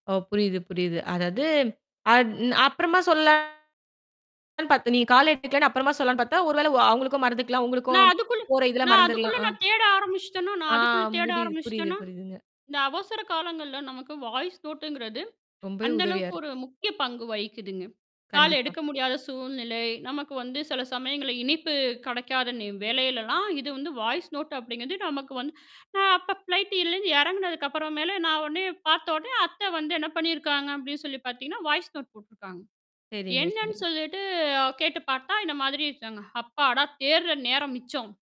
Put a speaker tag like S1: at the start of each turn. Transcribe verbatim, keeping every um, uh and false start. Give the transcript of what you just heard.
S1: ஓ, புரியுது, புரியுது. அதாவது அது ன் அப்புறமா சொல்லலாம்னு பார்த்தோம். நீ கால் எடுத்துக்கலன்னு, அப்புறமா சொல்லலாம்னு பார்த்தா, ஒருவேளை ஒ அவங்களுக்கும் மறந்துக்கலாம்.
S2: நான்
S1: உங்களுக்கும்
S2: அதுக்குள்ள
S1: போற இதுல
S2: நான் அதுக்குள்ள
S1: மறந்துறலாம். ஆ.
S2: நான் தேட ஆரம்பிச்சிட்டேனா
S1: ஆ.
S2: நான் அதுக்குள்ள தேட
S1: முரியுது, புரியுது,
S2: ஆரம்பிச்சிட்டேனா,
S1: புரியுதுங்க.
S2: இந்த அவசர காலங்கள்ல நமக்கு வாய்ஸ் நோட்டுங்கிறது
S1: ரொம்பவே
S2: அந்த
S1: உதவியா
S2: அளவுக்கு
S1: இருக்கு.
S2: ஒரு முக்கிய பங்கு வகிக்குதுங்க. கால்
S1: கண்டிப்பா.
S2: எடுக்க முடியாத சூழ்நிலை. நமக்கு வந்து சில சமயங்கள்ல இணைப்பு கெடைக்காத நே வேளைலலாம் இது வந்து வாய்ஸ் நோட்டு அப்படிங்கிறது நமக்கு வந்து அப்ப ஃப்ளைட்டு இதுலருந்து இறங்கினதுக்கு அப்புறம் மேல நான் உடனே பார்த்தவுடனே அத்தை வந்து என்ன பண்ணிருக்காங்க, அப்படின்னு சொல்லி பாத்தீங்கன்னா, வாய்ஸ் நோட்டு போட்டுருக்காங்க.
S1: சரிங்க,
S2: என்னன்னு
S1: சரி.
S2: சொல்லீட்டு கேட்டுப் பார்த்தா, இந்த மாதிரி இருக்காங்க. அப்பாடா! தேடுற நேரம் மிச்சம்.